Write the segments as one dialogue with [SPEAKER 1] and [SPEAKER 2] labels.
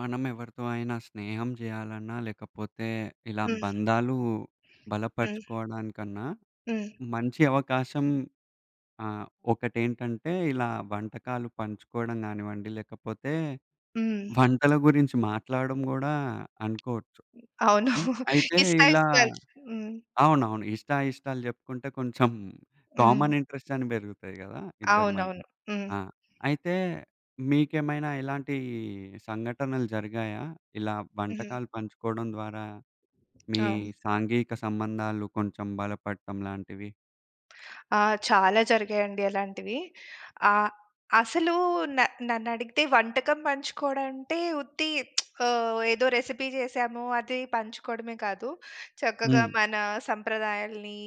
[SPEAKER 1] మనం ఎవరితో అయినా స్నేహం చేయాలన్నా లేకపోతే ఇలా
[SPEAKER 2] హ్మ్.
[SPEAKER 1] బంధాలు
[SPEAKER 2] హ్మ్.
[SPEAKER 1] బలపరుచుకోవడానికన్నా
[SPEAKER 2] హ్మ్.
[SPEAKER 1] మంచి అవకాశం ఆహ్, ఒకటేంటంటే, ఇలా వంటకాలు పంచుకోవడం గానివ్వండి లేకపోతే
[SPEAKER 2] హ్మ్.
[SPEAKER 1] వంటల గురించి మాట్లాడడం గుడా అనుకోవచ్చు.
[SPEAKER 2] అవును.
[SPEAKER 1] హ్మ్. అయితే
[SPEAKER 2] ఇష్టా
[SPEAKER 1] ఇలా
[SPEAKER 2] ఇష్టాలు హ్మ్.
[SPEAKER 1] అవునవును ఇష్టా ఇష్టాలు చెప్పుకుంటే కొంచెం
[SPEAKER 2] హ్మ్.
[SPEAKER 1] కామన్ ఇంట్రెస్టని పెరుగుతాయి గదా ఇద్దరి మధ్య.
[SPEAKER 2] అవునవును. హ్మ్.
[SPEAKER 1] ఆ! అయితే మీకేమైనా ఇలాంటి సంఘటనలు జరిగాయా? ఇలా
[SPEAKER 2] హ్మ్.
[SPEAKER 1] వంటకాలు పంచుకోవడం ద్వారా మీ
[SPEAKER 2] అవును.
[SPEAKER 1] సాంఘిక సంబంధాలు కొంచెం బలపడటం లాంటివి?
[SPEAKER 2] ఆ! చాలా జరిగాయండి అలాంటివి. ఆహ్, అసలు న నన్నడిగితే వంటకం పంచుకోవడం అంటే ఉత్తి ఆహ్, ఏదో రెసిపీ చేసాము. అది పంచుకోవడమే కాదు, చక్కగా
[SPEAKER 1] హ్మ్.
[SPEAKER 2] మన సంప్రదాయాల్ని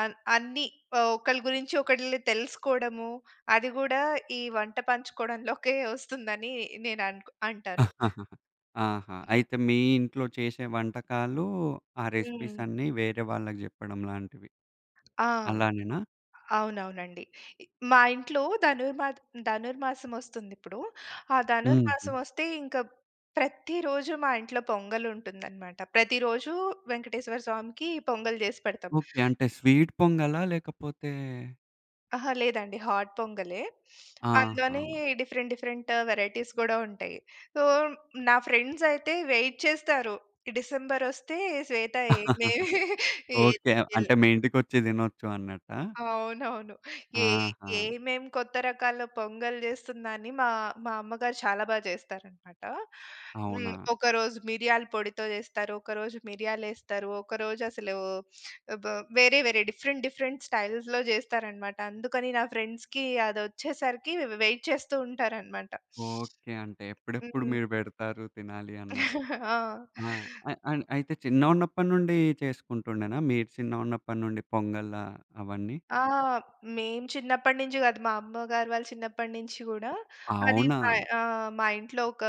[SPEAKER 2] ఆహ్, అన్ని ఒకళ్ళ గురించి ఒకళ్ళు తెలుసుకోవడము. అది కూడా ఈ వంట పంచుకోవడంలోకే వస్తుందని నేను అనుకో అంటాను.
[SPEAKER 1] ఆహా! అయితే మీ ఇంట్లో చేశే వంటకాలూ, ఆ రెసిపీస్
[SPEAKER 2] హ్మ్.
[SPEAKER 1] అన్నీ వేరే వాళ్ళకి జెప్పడం లాంటివి.
[SPEAKER 2] ఆ!
[SPEAKER 1] అలానేనా?
[SPEAKER 2] అవునవునండి. మా ఇంట్లో ధనుర్మా ధనుర్మాసం వస్తుంది ఇప్పుడు. ఆ ధనుర్మాసం
[SPEAKER 1] హ్మ్.
[SPEAKER 2] వస్తే ఇంక ప్రతి రోజు మా ఇంట్లో పొంగల్ ఉంటుందన్నమాట. ప్రతిరోజు వెంకటేశ్వర స్వామికి పొంగల్ చేసి పెడతాం.
[SPEAKER 1] ఓకె. అంటే స్వీట్ పొంగలా? లేకపోతే.
[SPEAKER 2] అహా లేదండి. హాట్ పొంగ‌లే. అందులోని
[SPEAKER 1] ఆహా!
[SPEAKER 2] డిఫరెంట్, డిఫరెంట్ వేరైటీస్ కూడా ఉంటయి. సో నా ఫ్రెండ్స్ అయితే వెయిట్ చేస్తారు. డిసెంబర్ వస్తే శ్వేత ఏందే ఏది
[SPEAKER 1] ఓకే.
[SPEAKER 2] కిల్
[SPEAKER 1] అంటే మీ ఇంటికి వచ్చి తినొచ్చు అన్నట్టా?
[SPEAKER 2] అవునవును. ఏ
[SPEAKER 1] ఆహా!
[SPEAKER 2] ఏమేం కొత్త రకాల పొంగల్ చేస్తుందా? అని మా, మా అమ్మగారు చాలా బాగా చేస్తారనమాట హ్మ్.
[SPEAKER 1] అవునా?
[SPEAKER 2] ఒకరోజు మిరియాల పొడితో చేస్తారు. ఒకరోజు మిరియాలేస్తారు. ఒకరోజు అసలు వే బ వేరే వేరే డిఫరెంట్ డిఫరెంట్ స్టైల్స్‌లో చేస్తారన్నమాట. అందుకని నా ఫ్రెండ్స్‌కి అది వచ్చేసరికి వె వెయిట్ చేస్తూ ఉంటారనమాట.
[SPEAKER 1] ఓకే. అంటే ఎప్పుడెప్పుడు
[SPEAKER 2] హ్మ్.
[SPEAKER 1] మీరు పెడతారు తినాలి అన్నట్టు.
[SPEAKER 2] ఆ!
[SPEAKER 1] ఆ! అ అ అయితే చిన్నగున్నప్పటి నుండి చేసుకుంటుండేనా మీరు చిన్నగా ఉన్నప్పటి నుండి పొంగలా అవన్నీ?
[SPEAKER 2] ఆ! మేము చిన్నప్పటి నుంచి కాదు. మా అమ్మగారు వాళ్ళ చిన్నప్పటి నుంచి కూడా అది
[SPEAKER 1] అవునా?
[SPEAKER 2] మా ఆ! మా ఇంట్లో ఒక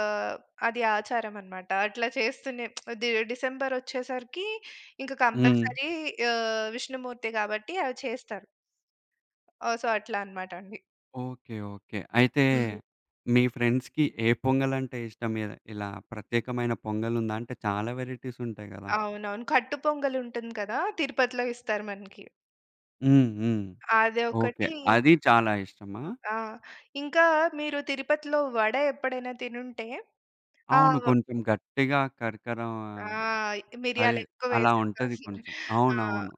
[SPEAKER 2] అది ఆచారం అన్నమాట. అట్లా చేస్తునే ది డిసెంబర్ వచ్చేసరికి ఇంక
[SPEAKER 1] హ్మ్.
[SPEAKER 2] కంపల్సరీ ఆహ్, విష్ణుమూర్తి కాబట్టి అవి చేస్తారు. ఓహ్! సో అట్లా అన్నమాట అండి.
[SPEAKER 1] Okay, okay. అయితే
[SPEAKER 2] హ్మ్.
[SPEAKER 1] మీ ఫ్రెండ్స్‌కి ఏ పొంగల్ అంటే ఇష్టం? ఇద్ ఇలా ప్రత్యేకమైన పొంగల్ ఉందా? అంటే చాలా వేరైటీస్ ఉంటాయి గదా.
[SPEAKER 2] అవునవును. కట్టు పొంగలి ఉంటుంది కదా! తిరుపతిలో ఇస్తారు మనకి.
[SPEAKER 1] హ్మ్, హ్మ్.
[SPEAKER 2] అది
[SPEAKER 1] ఓకె.
[SPEAKER 2] ఒకటి
[SPEAKER 1] అది చాలా ఇష్టమా?
[SPEAKER 2] ఆ! ఇంకా మీరు తిరుపతిలో వడ ఎప్పుడైనా తినుంటే ఆ!
[SPEAKER 1] అవును.
[SPEAKER 2] వ
[SPEAKER 1] కొంచెం గట్టిగా కరకరా
[SPEAKER 2] ఆ!
[SPEAKER 1] అది
[SPEAKER 2] మిరియాలు ఎక్కువ
[SPEAKER 1] అలా
[SPEAKER 2] వేసిస్తారు.
[SPEAKER 1] ఉంటది కొంచెం.
[SPEAKER 2] ఆ!
[SPEAKER 1] అవునవును.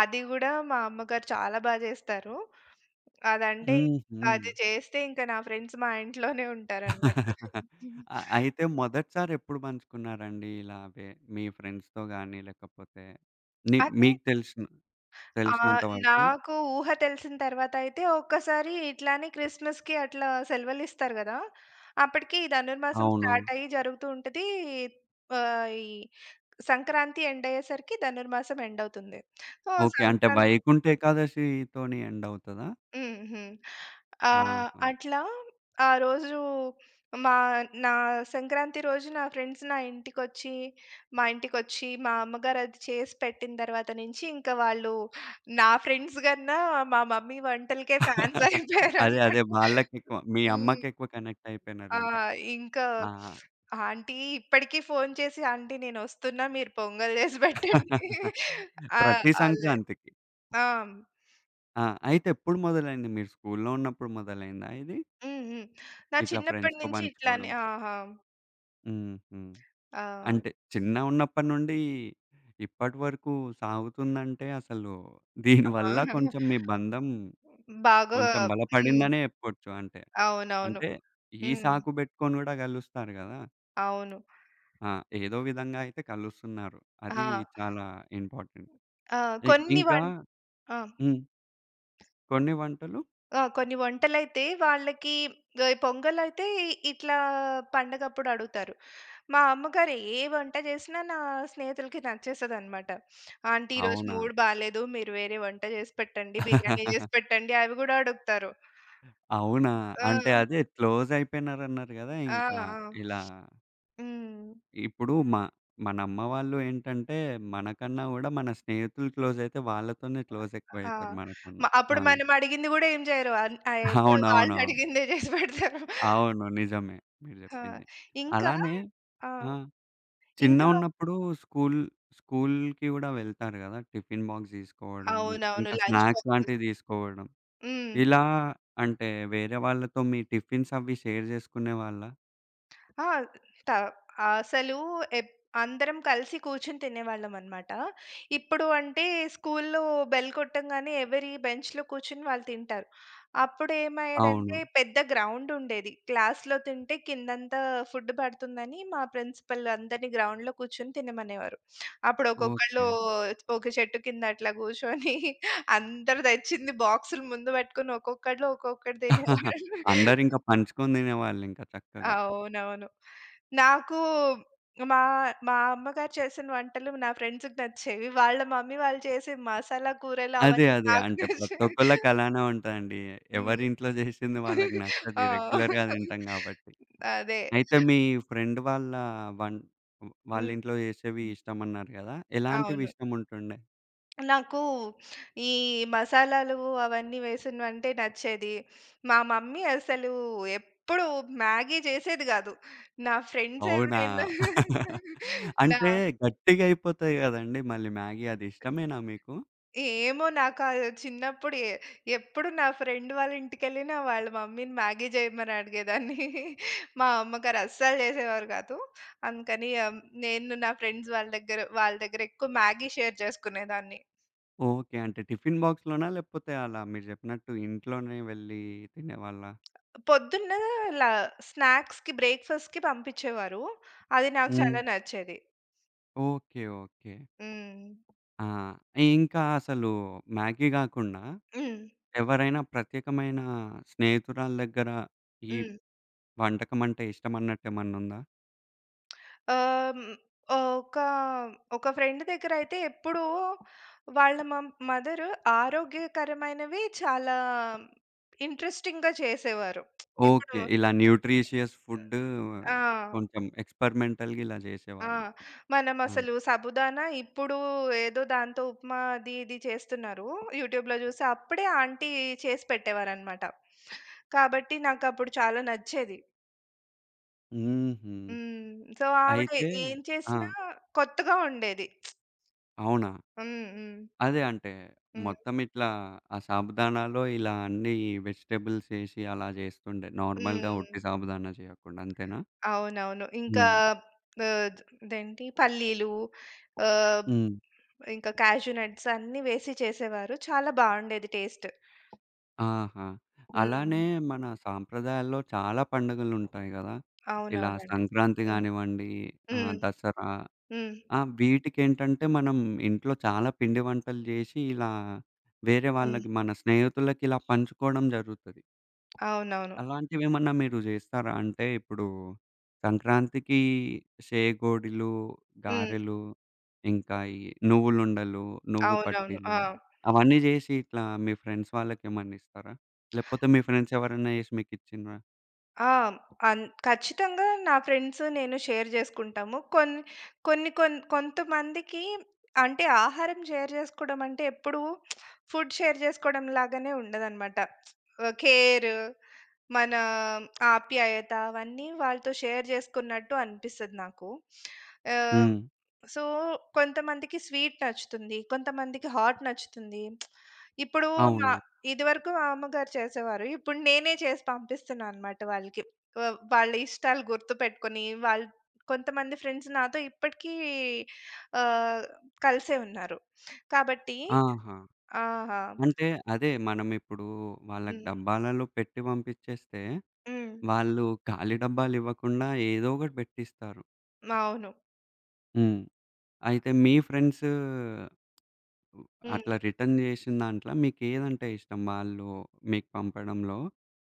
[SPEAKER 2] అది గుడా మా అమ్మగారు చాలా బా చేస్తారు. అదంటే అది
[SPEAKER 1] హుహు.
[SPEAKER 2] చేస్తే ఇంక నా ఫ్రెండ్స్ మా ఇంట్లోనే ఉంటారు అనమాట.
[SPEAKER 1] ఆహ్, అయితే మొదటిసారి ఎప్పుడు పంచుకున్నారండి ఇలాగే మీ ఫ్రెండ్స్‌తో గాని లేకపోతే నీ
[SPEAKER 2] అదే.
[SPEAKER 1] మీకు తెలిశిన తెలిశినంత
[SPEAKER 2] ఆహ్,
[SPEAKER 1] వరకు?
[SPEAKER 2] నాకు ఊహ తెలిసిన తరువాత అయితే ఒక్కసారి ఇట్లానే క్రిస్మస్‌కి అట్లా సెలవులు ఇస్తారు కదా! అప్పటికి ధనుర్మాసం
[SPEAKER 1] అవును.
[SPEAKER 2] స్టార్ట్ అయ్యి జరుగుతూ ఉంటది. ఆహ్, ఈ సంక్రాంతి ఎండ్ అయ్యేసరికి ధనుర్మాసం ఎండ్ అవుతుంది. So
[SPEAKER 1] okay. అంటే
[SPEAKER 2] సంక్రాంతి
[SPEAKER 1] వైకుంఠ ఏకాదశితోని ఎండ్ అవుతదా?
[SPEAKER 2] హుహు. ఆహ్,
[SPEAKER 1] ఆహా!
[SPEAKER 2] అట్లా ఆ రోజు మా నా సంక్రాంతి రోజు నా ఫ్రెండ్స్ నా ఇంటికొచ్చి, మా ఇంటికొచ్చి, మా అమ్మగారు అది చేసి పెట్టిన తరువాత నుంచి, ఇంకా వాళ్ళు నా ఫ్రెండ్స్ గన్నా, మా మమ్మీ వంటలకే ఫ్యాన్స్ అయిపోయారు
[SPEAKER 1] అదే, అదే.
[SPEAKER 2] అన్నమాట.
[SPEAKER 1] వాళ్ళకెక్కువ మీ
[SPEAKER 2] హ్మ్.
[SPEAKER 1] అమ్మకెక్కువ కనెక్ట్
[SPEAKER 2] ఆ!
[SPEAKER 1] అయిపోయినరింక.
[SPEAKER 2] ఇంకా
[SPEAKER 1] ఆ! అ!
[SPEAKER 2] ఆంటీ ఇప్పటికి ఫోన్ చేసి, ఆంటీ నేను వస్తున్నా. మీరు పొంగల్ చేసి పెట్టండి. ఆహ్,
[SPEAKER 1] ప్రతి
[SPEAKER 2] అల
[SPEAKER 1] సంక్రాంతికి.
[SPEAKER 2] ఆ!
[SPEAKER 1] ఆ! అయితే ఎప్పుడు మొదలైంది? మీరు స్కూల్లో ఉన్నప్పుడు మొదలైందా ఇది?
[SPEAKER 2] హ్మ్, హ్మ్. నా
[SPEAKER 1] ఇట్లా
[SPEAKER 2] చిన్నప్పటి
[SPEAKER 1] ఫ్రెండ్స్‌తో
[SPEAKER 2] నుంచి ఇట్లానే
[SPEAKER 1] పంచుకోడం.
[SPEAKER 2] ఆహా!
[SPEAKER 1] హుహు.
[SPEAKER 2] ఆ!
[SPEAKER 1] అంటే, చిన్నగా ఉన్నప్పటి నుండి ఇప్పటివరుకు సాగుతుందంటే, అసలు దీని వల్ల
[SPEAKER 2] ఆ!
[SPEAKER 1] కొంచెం మీ బంధం,
[SPEAKER 2] బాగా
[SPEAKER 1] కొంచెం
[SPEAKER 2] హ్మ్.
[SPEAKER 1] బలపడిందనే చెప్పొచ్చు. అంటే,
[SPEAKER 2] అవునవును.
[SPEAKER 1] అంటే ఈ
[SPEAKER 2] హ్మ్.
[SPEAKER 1] సాకు పెట్టుకుని కూడా కలుస్తారు కదా!
[SPEAKER 2] అవును.
[SPEAKER 1] ఆ! ఏదో విధంగా అయితే కలుస్తున్నారు. అది
[SPEAKER 2] హా!
[SPEAKER 1] చాలా ఇంపార్టెంట్.
[SPEAKER 2] ఆహ్,
[SPEAKER 1] ఇ
[SPEAKER 2] కొన్ని
[SPEAKER 1] ఇంకా
[SPEAKER 2] వన్ ఆ!
[SPEAKER 1] హ్మ్. కొన్ని వంటలు?
[SPEAKER 2] ఆ! కొన్ని వంటలైతే వాళ్ళకి ప పొంగల్ అయితే, ఇట్లా పండగ అప్పుడు అడుగుతారు. మా అమ్మగారు ఏ వంట చేసినా, నా స్నేహితులకి నచ్చేస్తది అన్నమాట. ఆంటీ ఈరోజు
[SPEAKER 1] అవునా?
[SPEAKER 2] మూడ్ బాలేదు. మీరు వేరే వంట చేసి పెట్టండి. బిర్యానీ చేసి పెట్టండి, అవి కూడా అడుగుతారు.
[SPEAKER 1] అవునా? అంటే
[SPEAKER 2] ఆ!
[SPEAKER 1] అదే క్లోజ్ అయిపోయనారు అన్నారు కదా!
[SPEAKER 2] ఆ!
[SPEAKER 1] ఇంకా
[SPEAKER 2] ఆ!
[SPEAKER 1] ఇలా
[SPEAKER 2] హ్మ్.
[SPEAKER 1] ఇప్పుడు మా మన అమ్మ వాళ్ళు ఏంటంటే, మనకన్నా కూడా మన స్నేహితులు క్లోజ్ అయితే వాళ్ళతోనే క్లోజ్
[SPEAKER 2] ఆ!
[SPEAKER 1] ఎక్కువైతారు,
[SPEAKER 2] మ
[SPEAKER 1] మనకన్నా. ఆ!
[SPEAKER 2] అప్పుడు మనం అడిగింది కూడా ఏం చెయ్యరు. అమ్ అయ్ ఎప్పుడు వాళ్ళు
[SPEAKER 1] అవునవునవును.
[SPEAKER 2] అడిగిందే చేసి పెడతారు.
[SPEAKER 1] అవును. నిజమే మీరు
[SPEAKER 2] ఆ!
[SPEAKER 1] చెప్పింది.
[SPEAKER 2] ఇంకా
[SPEAKER 1] అలానే
[SPEAKER 2] ఆ!
[SPEAKER 1] ఆహ్,
[SPEAKER 2] ఇంకా
[SPEAKER 1] చిన్నగా ఉన్నప్పుడు స్కూల్, స్కూల్‌కి కూడా వెళ్తారు కదా! టిఫిన్ బాక్స్ తీసుకోవడం,
[SPEAKER 2] అవునవును.
[SPEAKER 1] ఇంకా
[SPEAKER 2] లంచ్
[SPEAKER 1] స్నాక్స్‌
[SPEAKER 2] పంపిస్
[SPEAKER 1] లాంటివి తీసుకోవడం,
[SPEAKER 2] హ్మ్.
[SPEAKER 1] ఇలా అంటే వేరే వాళ్ళతో మీ టిఫిన్స్ అవి షేర్ చేసుకునే వాళ్ళా?
[SPEAKER 2] ఆ! స్టా అసలు ఎప్ అందరం కలిసి కూర్చొని తినేవాళ్ళం అన్నమాట. ఇప్పుడు అంటే, స్కూల్‌లో బెల్ కొట్టంగానే, ఎవరి బెంచ్‌లో కూర్చొని వాళ్ళు తింటారు. అప్పుడు ఏమయ్యేది అంటే,
[SPEAKER 1] అవును.
[SPEAKER 2] పెద్ద గ్రౌండ్ ఉండేది. క్లాస్‌లో తింటే కిందంతా ఫుడ్ పడుతుందని, మా ప్రిన్సిపల్ అందరిని గ్రౌండ్‌లో కూర్చొని తినమనేవారు. అప్పుడు ఒక్కొక్కళ్ళు,
[SPEAKER 1] ఓకే.
[SPEAKER 2] ఒక చెట్టు కింద అట్లా కూర్చొని అందరు తెచ్చింది బాక్స్‌లు ముందు పెట్టుకొని ఒక్కొక్కళ్ళు ఒక్కొక్కటి తినేవాళ్ళు.
[SPEAKER 1] అందరు ఇంకా పంచుకొని తినేవాళ్ళు ఇంకా చక్కగా.
[SPEAKER 2] అవునవును. నాకు మా మా అమ్మగారు చేసిన వంటలు నా ఫ్రెండ్స్‌కి నచ్చేవి. వాళ్ళ మమ్మీ వాళ్ళు చేసే మసాలా కూరలు
[SPEAKER 1] అదే,
[SPEAKER 2] అవన్నీ
[SPEAKER 1] అదే.
[SPEAKER 2] నాకు
[SPEAKER 1] అంటే ప్రతి
[SPEAKER 2] నచ్చేవి.
[SPEAKER 1] ఒక్కళ్ళకి అలానే ఉంటదండి. ఎవరి
[SPEAKER 2] హ్మ్.
[SPEAKER 1] ఇంట్లో చేసింది వాళ్ళకి నచ్చదు.
[SPEAKER 2] ఆ!
[SPEAKER 1] ఈ రెగ్యులర్‌గా తింటాం కాబట్టి.
[SPEAKER 2] అదే!
[SPEAKER 1] అయితే మీ ఫ్రెండ్ వాళ్ళ వన్ వాళ్ళ
[SPEAKER 2] హ్మ్.
[SPEAKER 1] ఇంట్లో చేసేవి ఇష్టం అన్నారు కదా! ఎలాంటివి
[SPEAKER 2] అవును.
[SPEAKER 1] ఇష్టం ఉంటుండే?
[SPEAKER 2] నాకు ఈ మసాలాలు అవన్నీ వేసినవంటే నచ్చేది. మా మమ్మీ అసలు ఎప్పుడు మ్యాగీ చేసేది గాదు. నా ఫ్రెండ్స్
[SPEAKER 1] అవునా!
[SPEAKER 2] ఎవరైనా నా
[SPEAKER 1] అంటే, గట్టిగా అయిపోతాయి కదండీ! మళ్ళీ మ్యాగీ, అది ఇష్టమేనా మీకు?
[SPEAKER 2] ఏమో! నాకు ఆ చిన్నప్పుడు ఎ ఎప్పుడు నా ఫ్రెండ్ వాళ్ళ ఇంటికెళ్ళినా, వాళ్ళ మమ్మీని మ్యాగీ చేయమని అడిగేదాన్ని. మా అమ్మ గారు అస్సలు చేసేవారు కాదు. అందుకని ఆహ్, నేను నా ఫ్రెండ్స్ వాళ్ళ దగ్గర వాళ్ళ దగ్గర ఎక్కువ మ్యాగీ షేర్ చేసుకునేదాన్ని.
[SPEAKER 1] ఓకే. అంటే టిఫిన్ బాక్స్‌లోనా? లేకపోతే అలా మీరు చెప్పినట్టు ఇంట్లోనే వెళ్లి తినేవాళ్ళా?
[SPEAKER 2] పొద్దున్న లా స్నాక్స్‌కి, బ్రేక్‌ఫాస్ట్‌కి పంపించేవారు. అది నాకు చాలా
[SPEAKER 1] హ్మ్.
[SPEAKER 2] నచ్చేది.
[SPEAKER 1] Okay, okay.
[SPEAKER 2] హ్మ్.
[SPEAKER 1] ఆ! ఇంకా అసలు మ్యాగీ గాకుండా,
[SPEAKER 2] హ్మ్.
[SPEAKER 1] ఎవరైనా ప్రత్యేకమైన స్నేహితురాల దగ్గర, ఈ
[SPEAKER 2] హ్మ్.
[SPEAKER 1] వంటకం అంటే ఇష్టం అన్నట్టు ఏమన్నా ఉందా?
[SPEAKER 2] ఆ! ఒక, ఒక ఫ్రెండ్ దగ్గరయితే ఎప్పుడు వాళ్ళ మ మదర్ ఆరోగ్యకరమైనవి చాలా ఇంట్రెస్టింగ్‌గా చేసేవారు. ఇప్పుడు
[SPEAKER 1] ఓకే. ఇలా న్యూట్రిషియస్ ఫుడ్
[SPEAKER 2] ఆ!
[SPEAKER 1] కొంచెం ఎక్స్పెరిమెంటల్‌గా ఇలా
[SPEAKER 2] ఆ!
[SPEAKER 1] చేసేవాళ్ళు.
[SPEAKER 2] మనం
[SPEAKER 1] ఆ!
[SPEAKER 2] అసలు సాబుదాన ఇప్పుడు ఏదో దాంతో ఉప్మా అది ఇది చేస్తున్నారు, యూట్యూబ్‌లో చూసి. అప్పుడే ఆంటీ చేసి పెట్టేవారు అన్నమాట. కాబట్టి నాకు అప్పుడు చాలా నచ్చేది.
[SPEAKER 1] హుహు.
[SPEAKER 2] హ్మ్. సో, ఆవిడ
[SPEAKER 1] అయితే
[SPEAKER 2] ఏం
[SPEAKER 1] ఆ!
[SPEAKER 2] చేసినా కొత్తగా ఉండేది.
[SPEAKER 1] అవునా?
[SPEAKER 2] హ్మ్, హ్మ్.
[SPEAKER 1] అదే అంటే,
[SPEAKER 2] హ్మ్.
[SPEAKER 1] మొత్తం ఇట్లా ఆ సాబుదానాల్లో ఇలా అన్నీ ఈ వెజిటబుల్స్ యేసి అలా జేస్తుండే,
[SPEAKER 2] హ్మ్,
[SPEAKER 1] నార్మల్‌గా ఒట్టి
[SPEAKER 2] హ్మ్.
[SPEAKER 1] సాబుదానా చేయకుండా అంతేనా?
[SPEAKER 2] అవునవును. ఇంకా
[SPEAKER 1] హ్మ్.
[SPEAKER 2] ఆహ్, ఇదేంటి పల్లీలు ఆహ్,
[SPEAKER 1] హ్మ్.
[SPEAKER 2] ఇంకా కాష్యూ నట్స్ అన్నీ వేసి చేసేవారు చాలా బాగుండేది టేస్ట్.
[SPEAKER 1] ఆహా! అలానే
[SPEAKER 2] హ్మ్.
[SPEAKER 1] మన సాంప్రదాయాల్లో చాలా పండుగలు ఉంటాయి కదా! ఇలా
[SPEAKER 2] అవునవునండి.
[SPEAKER 1] సంక్రాంతి
[SPEAKER 2] హ్మ్.
[SPEAKER 1] గానివ్వండి ఆహ్,
[SPEAKER 2] హ్మ్.
[SPEAKER 1] దసరా
[SPEAKER 2] హ్మ్.
[SPEAKER 1] ఆ! వీటికేంటంటే మనం ఇంట్లో చాలా పిండి వంటలు జేసి ఇలా వేరే
[SPEAKER 2] హ్మ్.
[SPEAKER 1] వాళ్ళకి మన స్నేహితులకి ఇలా పంచుకోవడం జరుగుతది.
[SPEAKER 2] అవునవును.
[SPEAKER 1] అలాంటివెమన్నా మీరు చేస్తారా? అంటే ఇప్పుడు సంక్రాంతికి సేగోడిలు,
[SPEAKER 2] హ్మ్.
[SPEAKER 1] గారెలు, ఇంకా ఈ నువ్వులుండలు, నువ్వు
[SPEAKER 2] అవునవును.
[SPEAKER 1] పట్టీలు
[SPEAKER 2] ఆ!
[SPEAKER 1] అవన్నీ చేసి ఇట్లా మీ ఫ్రెండ్స్ వాళ్ళకి ఏమన్నా ఇస్తారా? లేపోతే మీ ఫ్రెండ్సెవరన్నా చేసి మీకు ఇచ్చిండ్రా?
[SPEAKER 2] ఆ! అన్ ఖచ్చితంగా నా ఫ్రెండ్స్ నేను షేర్ చేసుకుంటాము. కొన కొన్ని, కొన్ని కొంతమందికి అంటే ఆహారం షేర్ చేసుకోవడం అంటే ఎప్పుడూ ఫుడ్ షేర్ చేసుకోవడం లాగానే ఉండదన్నమాట. ఆహ్, కేర్ మన ఆప్యాయత అవన్నీ వాళ్ళతో షేర్ చేసుకున్నట్టు అనిపిస్తది నాకు. ఆహ్,
[SPEAKER 1] హ్మ్.
[SPEAKER 2] సో, కొంతమందికి స్వీట్ నచ్చుతుంది, కొంతమందికి హాట్ నచ్చుతుంది. ఇప్పుడు న
[SPEAKER 1] అవును.
[SPEAKER 2] ఇది వరకు మామ్మగారు చేసేవారు. ఇప్పుడు నేనే చేసి పంపిస్తున్నాను అన్నమాట వాళ్ళకి. వ వాళ్ళ ఇష్టాలు గుర్తుపెట్టుకొని వాల్ కొంతమంది ఫ్రెండ్స్ నాతో ఇప్పటికి ఆహ్, కలిసే ఉన్నారు. కాబట్టి
[SPEAKER 1] ఆహా!
[SPEAKER 2] ఆహా!
[SPEAKER 1] అంటే అదే మనం ఇప్పుడు వాళ్ళకి
[SPEAKER 2] హ్మ్.
[SPEAKER 1] డబ్బాలలో పెట్టి పంపించేస్తే,
[SPEAKER 2] హ్మ్.
[SPEAKER 1] వాళ్ళు ఖాళీ డబ్బాలు ఇవ్వకుండా ఏదో ఒకటి పెట్టిస్తారు.
[SPEAKER 2] మావును.
[SPEAKER 1] హ్మ్. అయితే మీ ఫ్రెండ్సు
[SPEAKER 2] హ్మ్.
[SPEAKER 1] అట్లా రిటర్న్ చేశినదాంట్ల మీకు ఏదంటే ఇష్టం? వాళ్ళు మీకు పంపడంలో,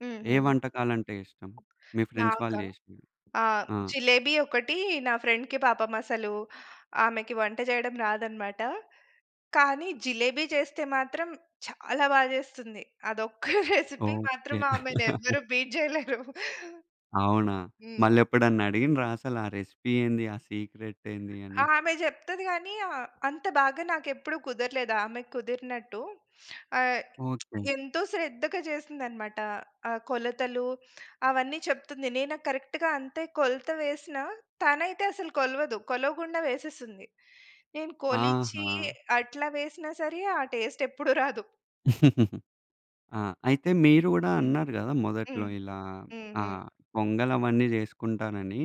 [SPEAKER 2] హ్మ్,
[SPEAKER 1] ఏ
[SPEAKER 2] హ్మ్.
[SPEAKER 1] వంటకాలంటే ఇష్టం? మీ ఫ్రెండ్స్
[SPEAKER 2] నాకా?
[SPEAKER 1] వాళ్ళు చేశ్నవి.
[SPEAKER 2] ఆ!
[SPEAKER 1] ఆ!
[SPEAKER 2] జిలేబి ఒకటి నా ఫ్రెండ్‌కి పాపం అసలు, ఆమెకి వంట చేయడం రాదన్నమాట కానీ జిలేబీ చేస్తే మాత్రం చాలా బాగా చేస్తుంది. అదొక్క రెసిపీ
[SPEAKER 1] ఓకె.
[SPEAKER 2] మాత్రం ఆమెని ఎవరు బీట్ చేయలేరు.
[SPEAKER 1] అవునా?
[SPEAKER 2] హ్మ్.
[SPEAKER 1] మళ్ళి ఎప్పుడన్నా అడిగిండ్రా అసలు ఆ రెసిపీ ఏంది? ఆ సీక్రెట్ ఏంది అని?
[SPEAKER 2] ఆమె చెప్తది గానీ అంత బాగా నాకు ఎప్పుడు కుదరలేదు. ఆమెక్కుదిరినట్టు. ఆహ్,
[SPEAKER 1] ఓకె.
[SPEAKER 2] ఎంతో శ్రద్ధగా చేస్తుందన్నమాట, ఆ కొలతలు అవన్నీ చెప్తుంది. నేను కరెక్ట్‌గా అంతే కొలత వేసినా, తనయితే అసలు కొలవదు. కొలవకుండా వేసేస్తుంది. నేను కొలిచి
[SPEAKER 1] ఆహా!
[SPEAKER 2] అట్లా వేసినా సరే ఆ టేస్ట్ ఎప్పుడు రాదు.
[SPEAKER 1] ఆ! అయితే మీరు గుడా
[SPEAKER 2] హ్మ్.
[SPEAKER 1] అన్నారు కదా! మొదట్లో
[SPEAKER 2] హ్మ్.
[SPEAKER 1] ఇలా
[SPEAKER 2] హ్మ్,
[SPEAKER 1] ఆ!
[SPEAKER 2] హ్మ్.
[SPEAKER 1] పొంగల్ అవన్నీ చేసుకుంటానని.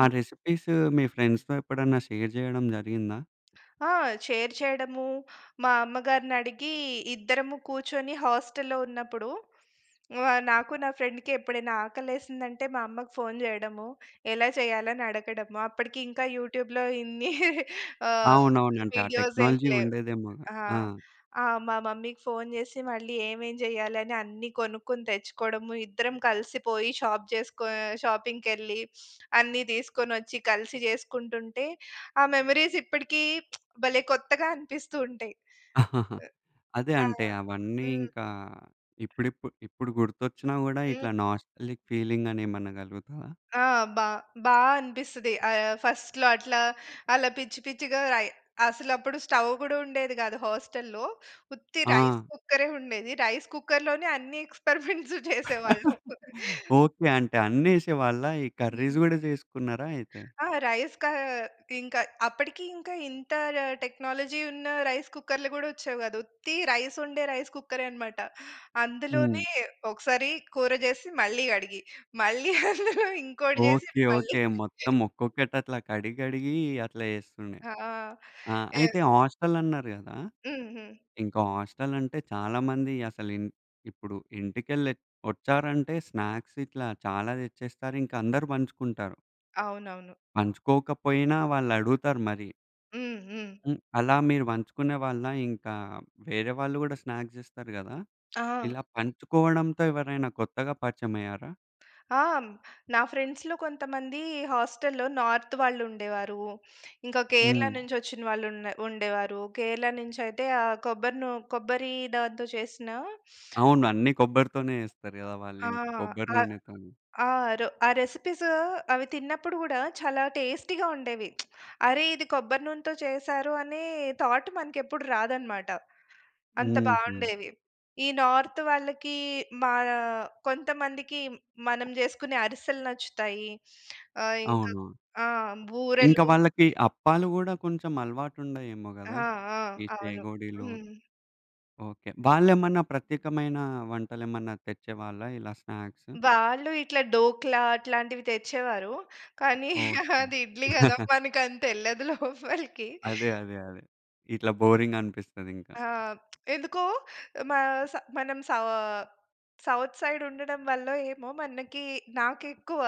[SPEAKER 1] ఆ రెసిపీసు మీ ఫ్రెండ్స్‌తో ఎప్పుడన్నా షేర్ చేయడం జరిగిందా?
[SPEAKER 2] ఆ! షేర్ చేయడమూ, మా అమ్మగారినడిగి ఇద్దరము కూర్చొని హాస్టల్‌లో ఉన్నప్పుడు ఆహ్, నాకు నా ఫ్రెండ్‌కి ఎప్పుడైనా ఆకలేసిందంటే మా అమ్మకి ఫోన్ చేయడము, ఎలా చేయాలి అని అడగడము. అప్పటికి ఇంకా యూట్యూబ్‌లో ఇన్ని ఆహ్,
[SPEAKER 1] అవునవును. అంటే ఆ
[SPEAKER 2] వీడియోస్ ఏం
[SPEAKER 1] టెక్నాలజీ
[SPEAKER 2] లేవు.
[SPEAKER 1] ఉండేదేమోగ,
[SPEAKER 2] ఆ!
[SPEAKER 1] ఆ!
[SPEAKER 2] ఆ! మా మమ్మీకి ఫోన్ చేసి మళ్ళీ ఏమేమి చేయాలని అన్ని కొనుక్కొని తెచ్చుకోవడము ఇద్దరం కలిసి పోయి షాప్ చేసుకొ ఆహ్, షాపింగ్‌కెళ్లి అన్ని తీసుకొనొచ్చి కలిసి చేసుకుంటుంటే, ఆ మెమోరీస్ ఇప్పటికీ భలే కొత్తగా అనిపిస్తూ ఉంటయి.
[SPEAKER 1] అదే
[SPEAKER 2] ఆ!
[SPEAKER 1] అంటే అవన్నీ
[SPEAKER 2] హ్మ్.
[SPEAKER 1] ఇంకా ఇప్పుడిప్పుడు ఇప్పుడు గుర్తొచ్చినా కూడా
[SPEAKER 2] హ్మ్.
[SPEAKER 1] ఇట్లా నాస్టాల్జిక్ ఫీలింగ్ అని ఏమన్నా కలుగుతదా?
[SPEAKER 2] ఆ! బా, బా అనిపిస్తది. ఆహ్, ఫస్ట్‌లో అట్లా అలా పిచ్చి పిచ్చిగా అయి అసలు అప్పుడు స్టవ్ గుడా ఉండేది గాదు హస్టల్‌లో. ఉత్తి
[SPEAKER 1] ఆ!
[SPEAKER 2] రైస్ కుక్కరే ఉండేది. రైస్ కుక్కర్‌లోనే అన్నీ ఎక్స్‌‌పరిమెంట్సు చేసేవాళ్ళం.
[SPEAKER 1] ఓకె. అంటే అన్ని ఏశే వాళ్ళ? ఈ
[SPEAKER 2] హ్మ్.
[SPEAKER 1] కర్రీస్ కూడా చేసుకున్నారా అయితె?
[SPEAKER 2] ఆ! రైస్‌కా ఇంకా అప్పటికి ఇంకా ఇంత టెక్నాలజీ ఉన్న రైస్ కుక్కర్‌లు కూడా వచ్చేవి కాదు. ఉత్తి రైస్ వండే రైస్ కుక్కరే అన్నమాట.
[SPEAKER 1] హ్మ్.
[SPEAKER 2] అందులోనే ఒకసారి కూర చేసి మళ్ళీ అడిగి, మళ్ళీ అందులో ఇంకోటి చేసి
[SPEAKER 1] ఓకె,
[SPEAKER 2] అది మళ్ళి
[SPEAKER 1] ఓకె. మొత్తం ఒక్కొక్కటి అట్లా కడిగి కడిగి అట్లా చేస్తుండే.
[SPEAKER 2] ఆ!
[SPEAKER 1] ఆ!
[SPEAKER 2] ఎవ్
[SPEAKER 1] అయితే హాస్టల్ అన్నారు గదా!
[SPEAKER 2] హుహు.
[SPEAKER 1] ఇంకా హాస్టల్ అంటే చాలా మంది అసలు ఇం ఇప్పుడు ఇంటికెళ్ళి వచ్చారంటే స్నాక్స్ ఇట్లా చాలా తెచ్చేస్తారు ఇంకా అందరు పంచుకుంటారు.
[SPEAKER 2] అవునవును.
[SPEAKER 1] పంచుకోకపోయినా వాళ్ళు అడుగుతారు మరి.
[SPEAKER 2] హ్మ్. హ్మ్.
[SPEAKER 1] హ్మ్. అలా మీరు పంచుకునే వాళ్ళా? ఇంకా వేరే వాళ్ళు కూడా స్నాక్స్ ఇస్తారు కదా!
[SPEAKER 2] ఆ!
[SPEAKER 1] ఇలా పంచుకోవడంతో ఎవరైనా కొత్తగా పరిచయమైయ్యారా?
[SPEAKER 2] ఆ! నా ఫ్రెండ్స్‌లో కొంతమంది హాస్టల్‌‌లో నార్త్ వాళ్ళు ఉండేవారు. ఇంకా కేరళ
[SPEAKER 1] హ్మ్.
[SPEAKER 2] నుంచోచ్చిన వాళ్ళు ఉన్న ఉండేవారు. కేరళ నుంచైయితే ఆ కొబ్బరి నూ కొబ్బరి దాంతో చేసిన
[SPEAKER 1] అవును. అన్ని కొబ్బరితోనే ఎస్తారు కదా! వాళ్ళు
[SPEAKER 2] ఆ!
[SPEAKER 1] ఇంకా కొబ్బరి
[SPEAKER 2] అ
[SPEAKER 1] నూనెతో‌ని.
[SPEAKER 2] ఆ రొ ఆ రెసిపీసు అవి తిన్నప్పుడు గూడా చాలా టేస్టీ‌గా ఉండేవి. అరె! ఇది కొబ్బరి నూనెతో చేసారు అనే థాట్ మనకు ఎప్పుడు రాదన్నమాట. అంత
[SPEAKER 1] హుహు.
[SPEAKER 2] బాగుండేవి. ఈ నార్త్ వాళ్ళకి మన కొంతమందికి మనం చేసుకునే అరిసెలు నచ్చుతాయి, ఆహ్, ఇంకా
[SPEAKER 1] అవును.
[SPEAKER 2] ఆ!
[SPEAKER 1] ఇంకా
[SPEAKER 2] బూరెలు.
[SPEAKER 1] వాళ్ళకి అప్పాలు కూడా కొంచెం అలవాటు ఉండాయేమో
[SPEAKER 2] ఆ!
[SPEAKER 1] కదా!
[SPEAKER 2] ఆ!
[SPEAKER 1] ఈ
[SPEAKER 2] అవును.
[SPEAKER 1] చేగోడీలు.
[SPEAKER 2] హ్మ్.
[SPEAKER 1] ఓకే. వాళ్ళేమన్నా ప్రత్యేకమైన వంటలు ఏమన్నా తెచ్చేవాళ్ళా ఇలా స్నాక్సు?
[SPEAKER 2] వాళ్ళు ఇట్లా డోక్లా అట్లాంటివి తెచ్చేవారు. కానీ
[SPEAKER 1] ఓకే.
[SPEAKER 2] అది ఇడ్లీ కదా! మనకు అంత ఎల్లదు లోపలికి.
[SPEAKER 1] అదే, అదే, అదే ఇట్లా బోరింగ్‌గానిపిస్తది ఇంకా.
[SPEAKER 2] ఆ! ఎందుకో మా స మనం సావా సౌత్ సైడ్ ఉండడం వల్లో ఏమో, మనకి నాకు ఎక్కువ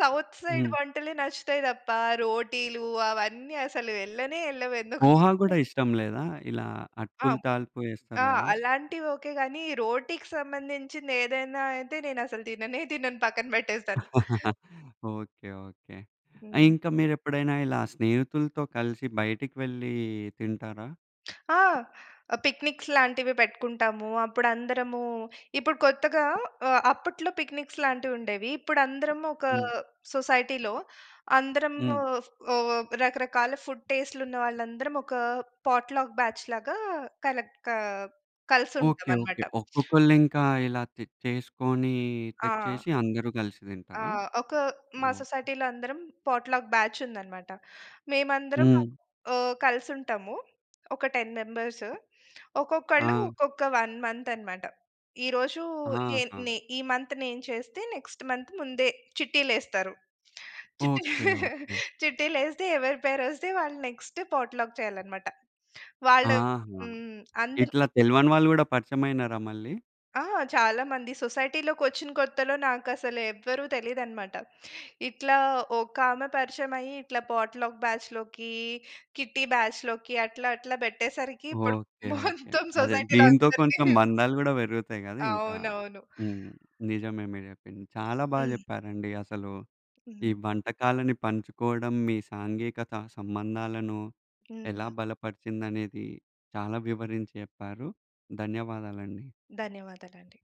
[SPEAKER 2] సౌత్ సైడ్
[SPEAKER 1] హ్మ్.
[SPEAKER 2] వంటలే నచ్చుతాయి తప్ప. రోటీలు అవన్నీ అసలు ఎళ్ళనే ఎళ్ళవు ఎందుకోమరి
[SPEAKER 1] పోహా కూడా
[SPEAKER 2] కొ
[SPEAKER 1] ఇష్టం లేదా? ఇలా
[SPEAKER 2] ఆ!
[SPEAKER 1] అటుకులు తాల్పు ఏస్తారు
[SPEAKER 2] ఆ!
[SPEAKER 1] కదా!
[SPEAKER 2] అలాంటివి ఓకే గాని. రోటికి సంబంధించింది ఏదైనా అయితే నేను అసలు తిననే తినను పక్కన పెట్టేస్తాను.
[SPEAKER 1] ఓకే. ఓకే. ఆ
[SPEAKER 2] హ్మ్.
[SPEAKER 1] ఇంకా మీరు ఎప్పుడైనా ఇలా స్నేహితులతో కలిసి బయటికి వెళ్లి తింటారా?
[SPEAKER 2] ఆ! పిక్నిక్స్ లాంటివి పెట్టుకుంటాము. అప్పుడు అందరమూ, ఇప్పుడు కొత్తగా ఆహ్, అప్పట్లో పిక్నిక్స్ లాంటివుండేవి. ఇప్పుడు అందరం ఒకా
[SPEAKER 1] హ్మ్.
[SPEAKER 2] సొసైటీ‌లో అందరము
[SPEAKER 1] హ్మ్.
[SPEAKER 2] ఉ రకరకాల ఫుడ్ టెస్ట్‌లు ఉన్న వాళ్ళందరం ఒక పాట్‌లక్ బ్యా‌చ్‌ లాగా కలక్కా కలిసి ఉంటాం
[SPEAKER 1] ఓకే. ఓకే.
[SPEAKER 2] అన‌మాట.
[SPEAKER 1] ఒక్కొక్కళ్ళు ఇంకా ఇలా చి చేసుకోనీ
[SPEAKER 2] ఆ!
[SPEAKER 1] తెచ్చేసి అందరూ గ‌లిసి
[SPEAKER 2] ఆ!
[SPEAKER 1] తింటారా?
[SPEAKER 2] ఒక మా సొసైటీ‌లో అందరం పాట్‌లక్ బ్యాచ్ ఉందన‌మాట. మేమందరం
[SPEAKER 1] హ్మ్.
[SPEAKER 2] ఆహ్, కలిసి ఉంటాము. ఒక 10 మెంబర్స్. ఒక్కొక్కళ్ళు
[SPEAKER 1] ఆ!
[SPEAKER 2] ఒక్కొక్క 1 మంత్ అన‌మాట. ఈరోజూ నేను
[SPEAKER 1] ఆహా!
[SPEAKER 2] నే ఈ మంత్ నేను చేస్తే, నెక్స్ట్ మంత్ ముందే చిట్టీలే‌స్తారు. చిట్టీలు.
[SPEAKER 1] ఓకే. ఓకే.
[SPEAKER 2] చిట్టీలు ఏ‌స్తే ఎవరి పేరు వస్తే వాళ్ళు నెక్స్ట్ పాట్‌లక్ చేయాలనమాట. వాళ్ళు
[SPEAKER 1] ఆహా!
[SPEAKER 2] హ్మ్. అందరికి
[SPEAKER 1] ఇట్లా తెలవని వాళ్ళు గూడా పరిచమైనారా మళ్ళీ?
[SPEAKER 2] ఆ! చాలా మంది సొసైటీ‌లోకొచ్చిన కొత్తలో, నాకు అసలు ఎవరు తెలీదనమాట. ఇట్లా ఒక ఆమె పరిచయం అయ్యి. ఇట్లా పాట్‌లక్ బ్యాచ్‌లోకి, కిట్టీ బ్యాచ్‌లోకి అట్లా అట్లా పెట్టేసరికి. ఇప్పుడు
[SPEAKER 1] ఓకే. ఓకే.
[SPEAKER 2] మొత్తం
[SPEAKER 1] అదే
[SPEAKER 2] సొసైటీ‌లో
[SPEAKER 1] దీంతో
[SPEAKER 2] అందరికీ
[SPEAKER 1] కొంత మందాలు గూడా పెరుగుతాయి గదా ఇంకా.
[SPEAKER 2] అవునవును.
[SPEAKER 1] హ్మ్. నిజమే మీరు చెప్పింది. చాలా బాగా
[SPEAKER 2] హ్మ్.
[SPEAKER 1] జెప్పారండి అసలు. ఈ
[SPEAKER 2] హ్మ్.
[SPEAKER 1] వంటకాలని పంచుకోడం. మీ సాంఘీ‌కత సంబంధాలను ఎలా
[SPEAKER 2] హ్మ్.
[SPEAKER 1] బలపరిచిందనేది చాలా వివరించి చెప్పారు. ధన్యవాదాలండి.
[SPEAKER 2] ధన్యవాదాలండి.